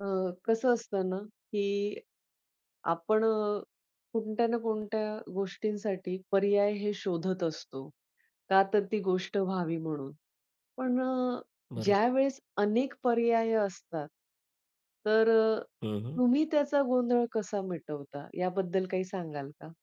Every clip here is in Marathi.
अ, कसं असतं ना की, आपण अ, कोणत्या ना कोणत्या गोष्टींसाठी पर्याय हे शोधत असतो. का तर ती गोष्ट व्हावी म्हणून. पण अ, बरोब ज्यावेळेस अनेक पर्याय असतात, तर अ, हं, हं. तुम्ही त्याचा गोंधळ कसा मिटवता, याबद्दल काही सांगाल का?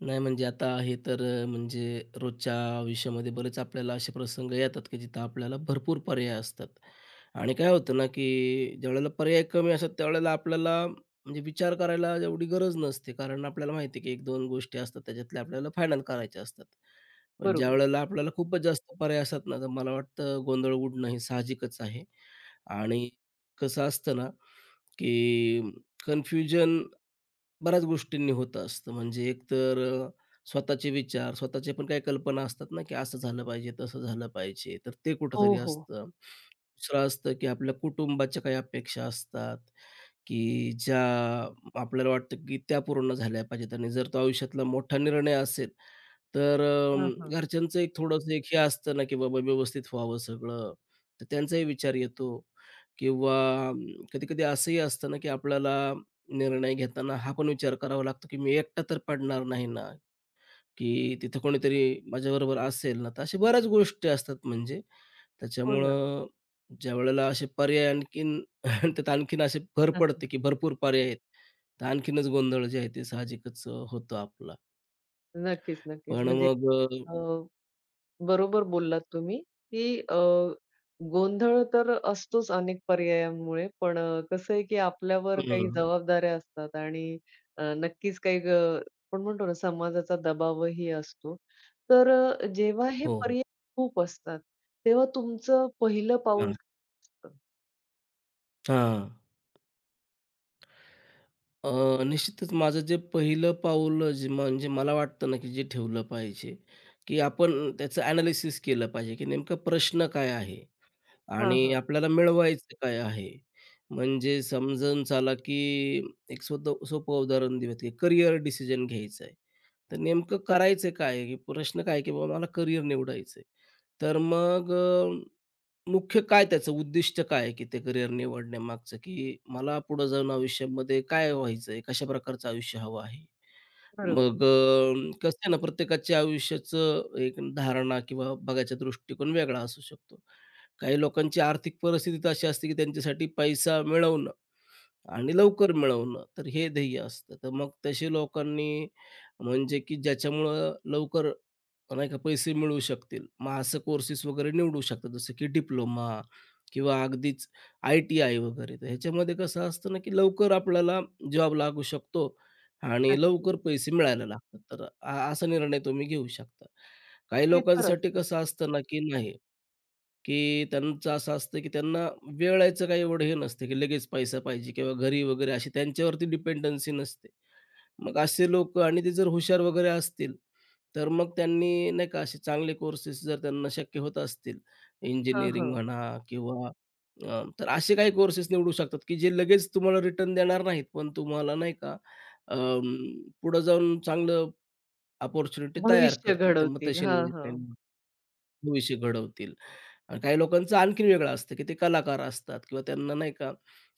नाही म्हणजे आता हे तर म्हणजे रोजच्या आयुष्यामध्ये बरेच आपल्याला असे प्रसंग येतात की जिथं आपल्याला भरपूर पर्याय असतात. आणि काय होतं ना की ज्यावेळेला पर्याय कमी असतात त्यावेळेला आपल्याला म्हणजे विचार करायला एवढी गरज नसते कारण आपल्याला माहिती आहे की 1-2 गोष्टी असतात त्याच्यातल्या आपल्याला फायनल करायच्या असतात. पण बरोबर. ज्यावेळेला आपल्याला खूपच जास्त पर्याय असतात ना तर मला वाटतं गोंधळ उडणं हे साहजिकच आहे आणि कसं असतं ना की कन्फ्युजन बऱ्याच गोष्टींनी होत असतं म्हणजे एकतर अ, स्वतःचे विचार स्वतःचे पण काही कल्पना असतात ना की असं झालं पाहिजे तसं झालं पाहिजे तर ते हो, कुठेतरी हो. असतं. दुसरं असतं की आपल्या कुटुंबाच्या काही अपेक्षा असतात की ज्या आपल्याला वाटतं की त्या पूर्ण झाल्या पाहिजेत आणि जर तो आयुष्यातला मोठा निर्णय असेल तर हां, अ, हां. घरच्यांचं एक थोडंसं एक हे असतं ना की बाबा व्यवस्थित व्हावं सगळं तर त्यांचाही विचार येतो किंवा कधी-कधी असंही असतं ना की आपल्याला निर्णय घेताना हा पण विचार करावा लागतो की "मी एकटा तर पडणार नाही ना? की तिथं कोणीतरी माझ्याबरोबर असेल ना" तर अशा बऱ्याच गोष्टी असतात म्हणजे हो ना. त्याच्यामुळं ज्यावेळेला असे पर्याय आणखीन त्यात आणखीन असे भर [unintelligible] पडते की भरपूर पर्याय आहेत, तर आणखीनच गोंधळ जे आहे ते साहजिकच होतं आपलं. नक्कीच, नक्कीच. पण म्हणजे मग अ अ, बरोबर बोललात तुम्ही की अ, गोंधळ तर असतोच अनेक पर्यायांमुळे, पण कसं आहे की आपल्यावर काही हं. जबाबदाऱ्या असतात आणि अ, नक्कीच काही अ, आपण म्हणतो ना समाजाचा दबावही असतो. तर जेव्हा हे हो, हो. पर्याय खूप असतात, तेव्हा तुमचं पहिलं पाऊल हां. [unintelligible] असतं? हां. अ, निश्चितच माझं जे पहिलं पाऊल अ, म्हणजे मला वाटतं ना की जे ठेवलं पाहिजे की आपण त्याचं ॲनालिसिस केलं पाहिजे की नेमका प्रश्न काय आहे? हां, आणि हां. आपल्याला मिळवायचं काय आहे? म्हणजे समजून चला की एक स्वत सोपं उदाहरण देऊ की करियर डिसिजन घ्यायचं आहे तर नेमकं करायचं काय आहे? की प्रश्न काय आहे की बाबा मला करियर निवडायचं आहे? तर मग अ, मुख्य काय त्याचं उद्दिष्ट काय आहे की ते करियर निवडण्यामागचं की मला पुढं जाऊन आयुष्यामध्ये काय व्हायचं? आहे कशा प्रकारचं आयुष्य हवं आहे? बरोबर. मग अ, कसं आहे ना प्रत्येकाच्या आयुष्याचं एक धारणा किंवा बघायचा दृष्टिकोन वेगळा असू शकतो. काही लोकांची आर्थिक परिस्थिती तर अशी असते की त्यांच्यासाठी पैसा मिळवणं आणि लवकर मिळवणं तर हे ध्येय असतं. तर मग तसे लोकांनी म्हणजे की ज्याच्यामुळं लवकर पण नाही का पैसे मिळवू शकतील मग असं कोर्सेस वगैरे निवडू शकतात. जसं की डिप्लोमा किंवा अगदीच आय-टी-आय वगैरे तर ह्याच्यामध्ये कसं असतं ना की लवकर आपल्याला जॉब लागू शकतो आणि अगदीच. लवकर पैसे मिळायला लागतात तर अ असा निर्णय तुम्ही घेऊ शकता. काही ते खंर लोकांसाठी असतं. कसं असतं ना की नाही, की त्यांचं असं असतं, की त्यांना वेळायचं काही एवढं हे नसते, की लगेच पैसा पाहिजे किंवा घरी वगैरे अशी त्यांच्यावरती डिपेंडन्सी नसते. मग असे लोकं आणि ते जर हुशार वगैरे असतील तर मग त्यांनी नाही का असे चांगले कोर्सेस जर त्यांना शक्य होत असतील हां, इंजिनिअरिंग हां. म्हणा किंवा उम्म तर असे काही कोर्सेस निवडू शकतात की जे लगेच तुम्हाला रिटर्न देणार नाहीत पण तुम्हाला नाही का अ, पुढं जाऊन चांगलं अपॉर्च्युनिटी तयार भविष्य करतील तर मग घडवतील. तसे हां, निवडता हां. येतील. भविष्य घडवतील आणि काही लोकांचं आणखीन वेगळं असतं की ते कलाकार असतात किंवा त्यांना नाही का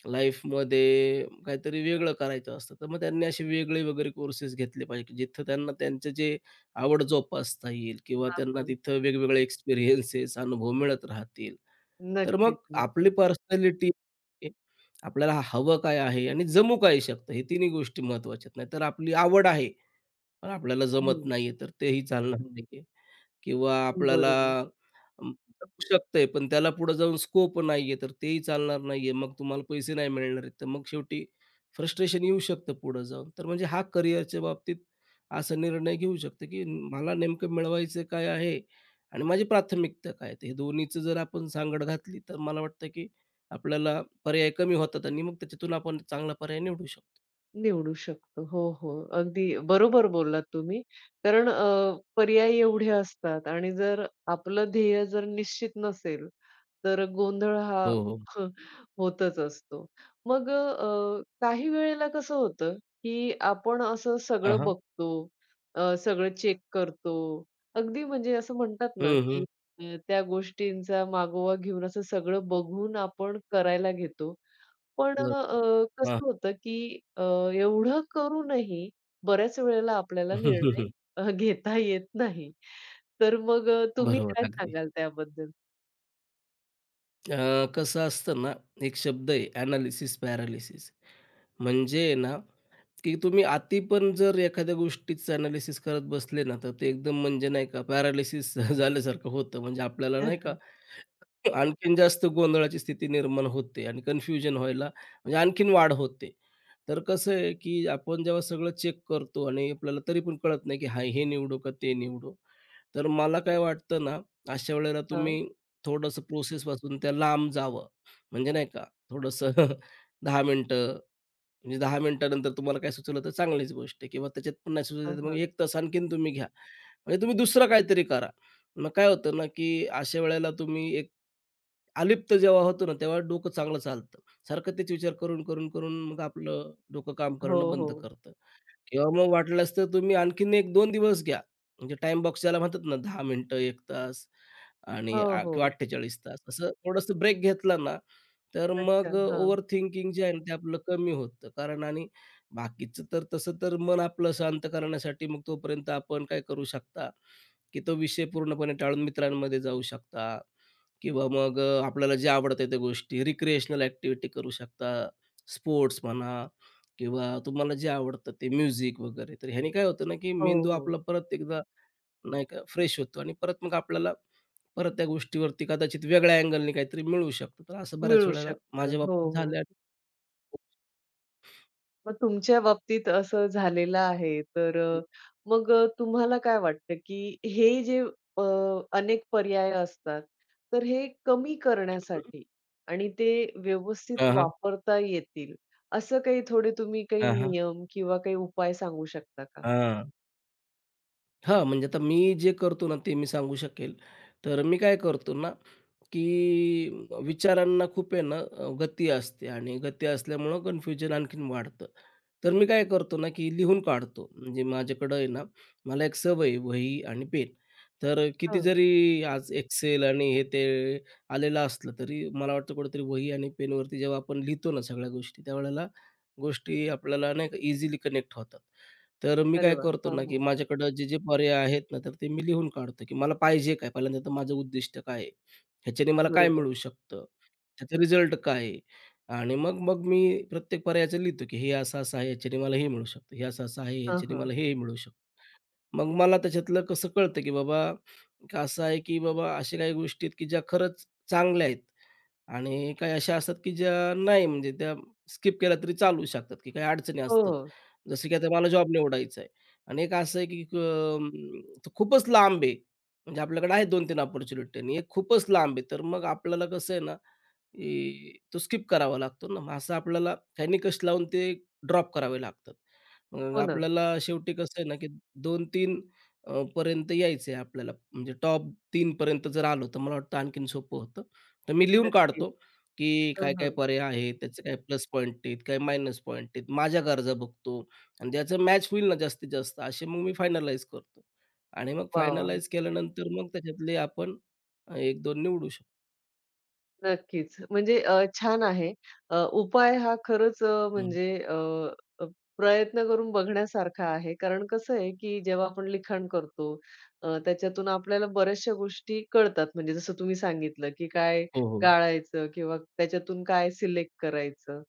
लाईफमध्ये काहीतरी वेगळं करायचं असतं. तर मग त्यांनी असे वेगळे वगैरे कोर्सेस घेतले पाहिजे, जिथं त्यांना त्यांचं जे आवड जोपासता येईल किंवा हां, त्यांना हां तिथं वेगवेगळे एक्सपिरियन्सेस, अनुभव मिळत राहतील. तर मग नक्कीच, आपली नक्कीच. पर्सनॅलिटी आपल्याला हवं काय आहे आणि जमू काय शकतं? हे तिन्ही गोष्टी महत्त्वाच्या आहेत. नाही तर आपली आवड आहे पण आपल्याला हं, जमत हं. नाही आहे, तर तेही चालणार नाही आहे किंवा आपल्याला बरोबर. [unintelligible] शकतंय पण त्याला पुढं जाऊन स्कोप नाही आहे तर तेही चालणार नाही आहे. मग तुम्हाला पैसे नाही मिळणार आहेत तर मग शेवटी फ्रस्ट्रेशन येऊ शकतं पुढं जाऊन. तर म्हणजे हा करियर च्या बाबतीत असा निर्णय घेऊ शकतो की म मला नेमकं मिळवायचं काय आहे आणि माझी प्राथमिकता काय आहे? तर हे दोन्हीचं जर आपण सांगड घातली तर मला वाटतं की आपल्याला पर्याय कमी होतात आणि मग त्याच्यातून आपण चांगला पर्याय निवडू शकतो. निवडू शकतो. हो, हो. अगदी बरोबर बोललात तुम्ही. कारण अ, पर्याय एवढे असतात आणि जर आपलं ध्येय जर निश्चित नसेल, तर गोंधळ हा, हो, हो. होतच असतो. मग अ, काही वेळेला कसं होतं, की आपण असं हां, सगळं हां. बघतो. अ, सगळं चेक करतो. अगदी म्हणजे असं म्हणतात ना हं, हं. की अ, त्या गोष्टींचा मागोवा घेऊन असं सगळं बघून आपण करायला घेतो. पण बरं, अ, हां. कसं होतं की अ, एवढं करूनही बऱ्याच वेळेला आपल्याला निर्णय अ, घेता येत नाही. तर मग अ, तुम्ही बरोबर काय अगदी. सांगाल त्याबद्दल? अ, कसं असतं ना. एक शब्द आहे ॲनालिसिस, पॅरालिसिस. म्हणजे आहे ना, की तुम्ही अती पण जर एखाद्या गोष्टीचं ॲनालिसिस करत बसले ना, तर ते एकदम म्हणजे नाही का, पॅरालिसिस झाल्यासारखं होतं. म्हणजे आपल्याला नाही का? आणखीन जास्त गोंधळाची स्थिती निर्माण होते आणि कन्फ्युजन व्हायला, म्हणजे आणखीन वाढ होते. तर कसं आहे की आपण जेव्हा सगळं चेक करतो आणि आपल्याला तरी पण कळत नाही, की हां, हे निवडू का ते निवडू? तर मला काय वाटतं ना, अशा वेळेला हां. तुम्ही थोडंसं प्रोसेसपासून त्या लांब जावं. म्हणजे नाही का थोडंसं 10 मिनिटं. म्हणजे 10 मिनिटांनंतर तुम्हाला काय सुचवलं तर चांगलीच गोष्ट आहे किंवा त्याच्यात पण नाही सुचवलं हां, तर मग हां. 1 तास आणखीन तुम्ही घ्या. म्हणजे तुम्ही दुसरं काहीतरी करा. मग काय होतं ना, की अशा वेळेला तुम्ही एक अलिप्त जेव्हा होतो ना, तेव्हा डोकं चांगलं चालतं. सारखं तेच विचार करून, करून, करून मग आपलं डोकं काम करणं हो, बंद हो. करतं. किंवा मग वाटलंस तर तुम्ही आणखीन 1-2 दिवस घ्या. म्हणजे टाईम बॉक्स ज्याला म्हणतात ना, 10 मिनिटं, 1 तास आणि हो, अ, किंवा हो. 48 तास. असं थोडंसं ब्रेक घेतला ना, तर मग अच्छा. अ, हां. ओव्हर थिंकिंग जे आहे ना, ते आपलं कमी होतं. कारण आणि बाकीचं तर तसं तर मन आपलं शांत करण्यासाठी, मग तोपर्यंत आपण काय करू शकता, की तो विषय पूर्णपणे टाळून मित्रांमध्ये जाऊ शकता किंवा मग अ, आपल्याला जे आवडते त्या गोष्टी. रिक्रिएशनल ॲक्टिव्हिटी करू शकता. स्पोर्ट्स म्हणा किंवा तुम्हाला जे आवडतं ते म्युझिक वगैरे. तर ह्याने काय होतं ना, की हो, मेंदू हो. आपला परत एकदा नाही का फ्रेश होतो. आणि परत मग आपल्याला परत त्या गोष्टीवरती कदाचित वेगळ्या अँगलनी काहीतरी मिळू शकतं. तर असं बऱ्याच मिळू वेळेला शकतं. माझ्या हो, बाबतीत हो. झालं आहे. मग तुमच्या बाबतीत असं झालेलं आहे तर हं. मग तुम्हाला काय वाटतं की हे जे अ, अनेक पर्याय असतात, तर हे कमी [unintelligible] हं, हं. करण्यासाठी आणि ते व्यवस्थित हां, हां. वापरता येतील असं काही थोडे तुम्ही काही अ हां. नियम किंवा काही उपाय सांगू शकता का? हां. हां म्हणजे आता मी जे करतो ना, ते मी सांगू शकेल. तर मी काय करतो ना की विचारांना खूप आहे ना, गती असते आणि गती असल्यामुळे कन्फ्युजन आणखीन वाढतं. तर मी काय करतो ना की लिहून काढतो, म्हणजे माझ्याकडं आहे ना, मला एक सवय आहे वही आणि पेन. तर किती हां. जरी आज Excel आणि हे, ते आलेलं असलं तरी मला वाटतं कुठेतरी वही आणि पेनवरती जेव्हा आपण लिहितो ना सगळ्या गोष्टी, त्यावेळेला गोष्टी आपल्याला नाही का इझिली कनेक्ट होतात. तर मी अरे काय वाह! करतो हो ना की हो. माझ्याकडं जे जे पर्याय आहेत ना, तर ते मी लिहून काढतो की मला पाहिजे काय पहिल्यांदा? तर माझं उद्दिष्ट काय आहे? ह्याच्याने मला काय बरोबर. मिळू शकतं? त्याचं रिझल्ट काय आहे? आणि मग, मग मी प्रत्येक पर्यायाचं लिहितो की हे असं-असं आहे, याच्याने मला हे मिळू शकतं. हे असं-असं आहे, हं, याच्याने हं. मला हे मिळू शकतं. मग मला त्याच्यातलं कसं, कळतं की बाबा असं आहे की बाबा अशा काही गोष्टी आहेत की ज्या खरंच चांगल्या आहेत आणि काही अशा असतात की ज्या नाही म्हणजे त्या स्किप केल्या तरी चालू शकतात की काही अडचणी हो, असतात. हो. जसं की आता मला जॉब निवडायचा आहे आणि 1 असं आहे की अं, खूपच लांब आहे म्हणजे आपल्याकडे आहे 2-3 अपॉर्च्युनिट आणि एक खूपच लांब आहे तर मग आपल्याला कसं आहे ना की तो स्किप करावा लागतो ना, मग असं आपल्याला निकष लावून ते ड्रॉप करावे लागतात हो ना. आपल्याला. शेवटी कसं आहे ना की 2-3 पर्यंत यायचं आहे आपल्याला, म्हणजे टॉप 3पर्यंत जर आलं, तर मला वाटतं आणखीन सोपं होतं. तर मी लिहून नक्कीच. काढतो, की हं, काय काय हं. पर्याय आहेत, त्याचे काही प्लस पॉईंट आहेत, काही मायनस पॉईंट आहेत. माझ्या गरजा बघतो आणि त्याचं मॅच होईल ना जास्तीत-जास्त असे मग मी फायनलाईज करतो आणि मग वाह, वाह! फायनलाईज केल्यानंतर मग त्याच्यातले आपण 1-2 निवडू शकतो. नक्कीच म्हणजे अ, छान आहे. अ, उपाय हा खरंच हं. म्हणजे अ, प्रयत्न करून बघण्यासारखा आहे. कारण कसं आहे की जेव्हा आपण लिखाण करतो अ, त्याच्यातून आपल्याला बऱ्याचश्या गोष्टी कळतात म्हणजे जसं तुम्ही सांगितलं की काय हो, हो. टाळायचं किंवा त्याच्यातून काय सिलेक्ट करायचं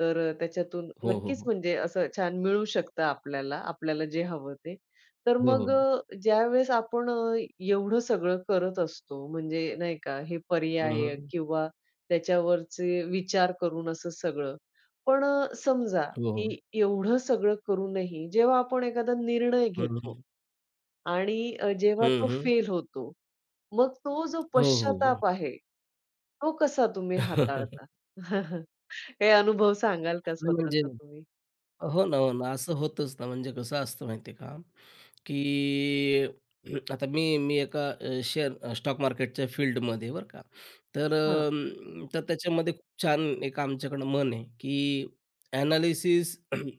तर त्याच्यातून हो, हो, नक्कीच हो. म्हणजे असं छान मिळू शकतं आपल्याला, आपल्याला जे हवं ते. तर हो, मग हो. ज्यावेळेस आपण एवढं सगळं करत असतो म्हणजे नाही का हे हं, पर्याय हं. किंवा त्याच्यावरचे विचार करून असं सगळं पण समजा, हो, हो. की एवढं सगळं करूनही जेव्हा आपण एखादा निर्णय घेतो [unintelligible] आणि अ, जेव्हा तो हं, हं. फेल होतो, मग तो जो हो, हो, हो. पश्चाताप आहे, तो कसा तुम्ही हाताळता? काही अनुभव सांगाल का नाही म्हणजे स्वतःचा तुम्ही? हो ना, हो ना, असं होतच ना म्हणजे कसं असतं माहिती आहे का? की आता मी मी एका शेअर स्टॉक मार्केटच्या फील्डमध्ये बरं का तर हां. तर त्याच्यामध्ये खूप छान एक आमच्याकडं म्हण आहे, की एनालिसिस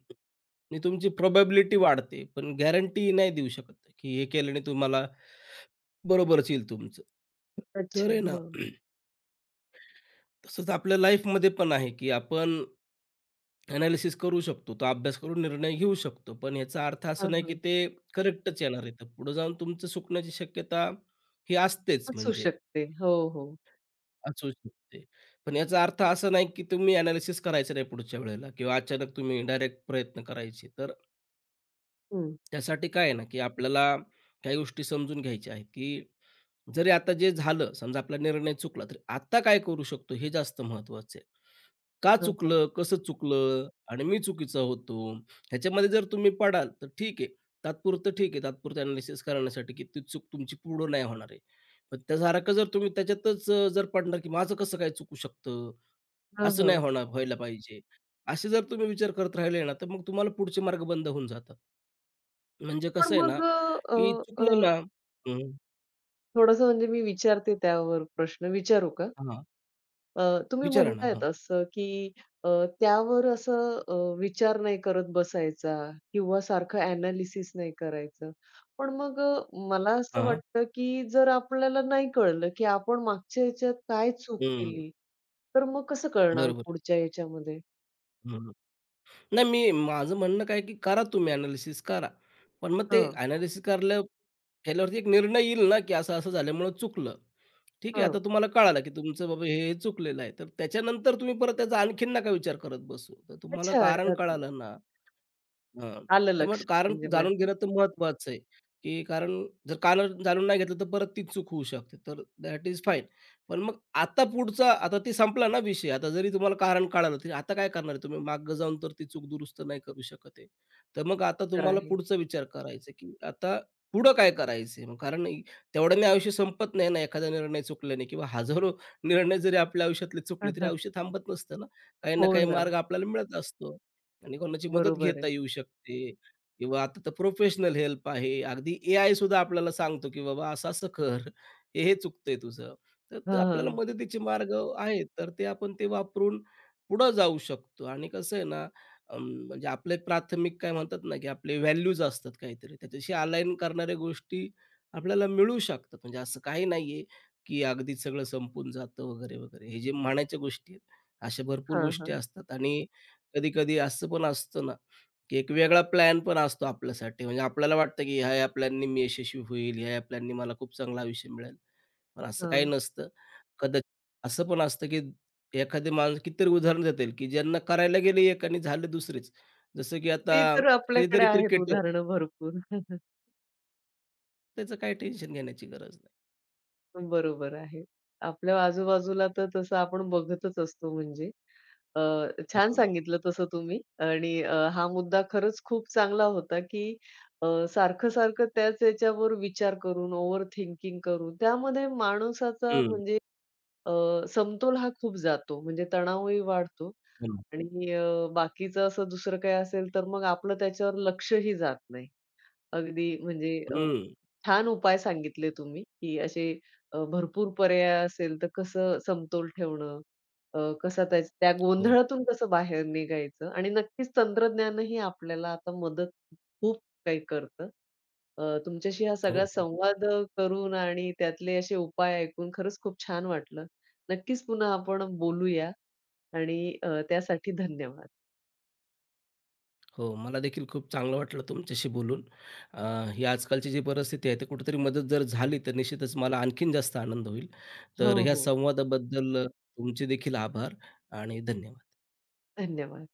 ने तुमची प्रोबॅबिलिटी वाढते पण गॅरंटी नाही देऊ शकत, की हे केल्याने तुम्हाला बरोबरच येईल तुमचं. तर अच्छा, आहे ना हां. तसंच आपल्या लाईफ मध्ये पण आहे की आपण एनालिसिस करू शकतो. तो अभ्यास करून निर्णय घेऊ शकतो. पण याचा अर्थ असा हां, नाही की हां. ते करेक्टच येणार आहे. पुढे जाऊन तुमचं चुकण्याची शक्यता ही असतेच असू म्हणजे. शकते. हो, हो. असू शकते. पण याचा अर्थ असा नाही की तुम्ही एनालिसिस करायचं नाही पुढच्या वेळेला किंवा अचानक तुम्ही डायरेक्ट प्रयत्न करायचे तर हं. त्यासाठी काय आहे ना की आपल्याला काही गोष्टी समजून घ्यायच्या आहेत, की जरी आता जे झालं समजा आपला निर्णय चुकला तर आता काय करू शकतो हे जास्त महत्त्वाचं आहे. का हां, हां. चुकलं कसं चुकलं आणि मी चुकीचा होतो ह्याच्यामध्ये जर तुम्ही पडाल तर ठीक आहे तात्पुरतं ठीक आहे तात्पुरतं अ‍ॅनॅलिसिस करण्यासाठी की ती चूक तुमची पुढं नाही होणार आहे. पण त्या सारखा जर तुम्ही त्याच्यातच जर पडणार की माझं कसं काय चुकू शकतं, हां, असं नाही हां. होणार व्हायला पाहिजे असे जर तुम्ही विचार करत राहिले ना तर मग तुम्हाला पुढचे मार्ग बंद होऊन जातात. म्हणजे पण कसं आहे ना मग, अ, की अ, चुकलं अ. ना. थोडंसं म्हणजे मी विचारते त्यावर प्रश्न विचारू का? हां. अ, तुम्ही विचाराना, म्हणत आहेत हां. असं की अ, त्यावर असं अ, विचार नाही करत बसायचा किंवा सारखं अ‍ॅनॅलिसिस नाही करायचं. पण मग अ, मला असं हां. वाटतं की जर आपल्याला नाही कळलं की आपण मागच्या ह्याच्यात काय चूक हं. केली तर मग कसं कळणार बरोबर. पुढच्या याच्यामध्ये? हं. नाही, मी माझं म्हणणं काय आहे की करा तुम्ही अ‍ॅनॅलिसिस करा. पण मग ते हं. अ‍ॅनॅलिसिस करल्या केल्यावरती एक निर्णय येईल ना की असं -असं झाल्यामुळं चुकलं. ठीक आहे हं. आता तुम्हाला कळालं की तुमचं बाबा हे-हे चुकलेलं आहे तर त्याच्यानंतर तुम्ही परत त्याचा आणखीन नका विचार करत बसू. तर तुम्हाला अच्छा! कारण [unintelligible] कळालं ना, हां. आलं तर मग लक्षात. कारण म्हणजे जाणून माझ्या. घेणं तर महत्वाचं आहे. की कारण जर कारण जाणून नाही घेतलं तर परत ती चूक होऊ शकते. तर दॅट इज फाईन. पण मग आता पुढचा आता ते संपला ना विषय आता जरी तुम्हाला कारण कळालं तर आता काय करणार आहे तुम्ही माग जावून तर ती चूक दुरुस्त नाही करू शकत आहे. तर मग आता तर तुम्हाला आहे. पुढचा विचार करायचा आहे की आता पुढं काय करायचं आहे? कारण तेवढ्याने आयुष्य संपत नाही ना. एखादा निर्णय चुकल्याने किंवा हजारो निर्णय जरी आपल्या आयुष्यातले चुकले तरी [unintelligible] आयुष्य थांबत नसतं ना काही ना हो काही ना. मार्ग आपल्याला मिळत असतो. आणि कोणाची मदत बरोबर घेता आहे. येऊ शकते किंवा आता तर प्रोफेशनल हेल्प आहे. अगदी एआय सुद्धा आपल्याला सांगतो की बाबा असं-असं कर हे-हे चुकतं आहे तुझं हं, तर आपल्याला हं. मदतीचे मार्ग आहेत तर ते आपण ते वापरून, पुढं जाऊ शकतो आणि कसं आहे ना म म्हणजे आपले प्राथमिक काय म्हणतात ना की आपले व्हॅल्यूज असतात काहीतरी त्याच्याशी अलाइन करणाऱ्या गोष्टी आपल्याला मिळू शकतात. म्हणजे असं काही नाही आहे की अगदी सगळं संपून जातं वगैरे-वगैरे हे जे म्हणायच्या गोष्टी आहेत. अशा भरपूर हां, गोष्टी हां. असतात आणि कधी-कधी असं पण असतं ना की एक वेगळा प्लॅन पण असतो आपल्यासाठी म्हणजे आपल्याला वाटतं की ह्या-ह्या प्लॅननी मी यशस्वी होईल ह्या-ह्या प्लॅननी मला खूप चांगला आयुष्य मिळेल. पण असं काही हं. नसतं. कदा असं पण असतं की एखादी माणूस कितीतरी उदाहरण देतील की ज्यांना करायला गेले एक आणि झालं दुसरीच जसं की आता ती तर आपल्याकडे कधीतरी आहेत क्रिकेटर. उदाहरणं भरपूर. त्याचं काही टेन्शन घेण्याची गरज नाही. पण बरोबर आहे. आपल्या आजूबाजूला तर तसं आपण बघतच असतो म्हणजे. अ, हं, छान हं. सांगितलं तसं तुम्ही आणि हा मुद्दा खरंच खूप चांगला होता, की अ, सारखं-सारखं त्याच याच्यावर विचार करून ओव्हर थिंकिंग करून त्यामध्ये माणसाचा हं. म्हणजे अ, समतोल हा खूप जातो. म्हणजे तणावही वाढतो हं. आणि अ, बाकीचं असं दुसरं काही असेल तर मग आपलं त्याच्यावर लक्षही जात नाही. अगदी म्हणजे अ, हं. छान उपाय सांगितले तुम्ही, की असे भरपूर पर्याय असेल तर कसं समतोल ठेवणं. अ, कसा त्या त्या हो. गोंधळातून कसं बाहेर निघायचं आणि नक्कीच तंत्रज्ञानानंही आपल्याला आता मदत खूप काही करतं. अ, तुमच्याशी हा सगळा हो, हो. संवाद करून आणि त्यातले अशे उपाय ऐकून खरंच खूप छान वाटलं. नक्कीच पुन्हा आपण बोलूया आणि अ, त्यासाठी धन्यवाद. हो, मला देखील खूप चांगलं वाटलं तुमच्याशी बोलून. अ, ही आजकालची जी परिस्थिती आहे, ते कुठेतरी मदत जर झाली तर निश्चितच मला आणखीन जास्त आनंद होईल. तर हो, ह्या हो. संवादाबद्दल अ, तुमचे देखील आभार आणि धन्यवाद. धन्यवाद.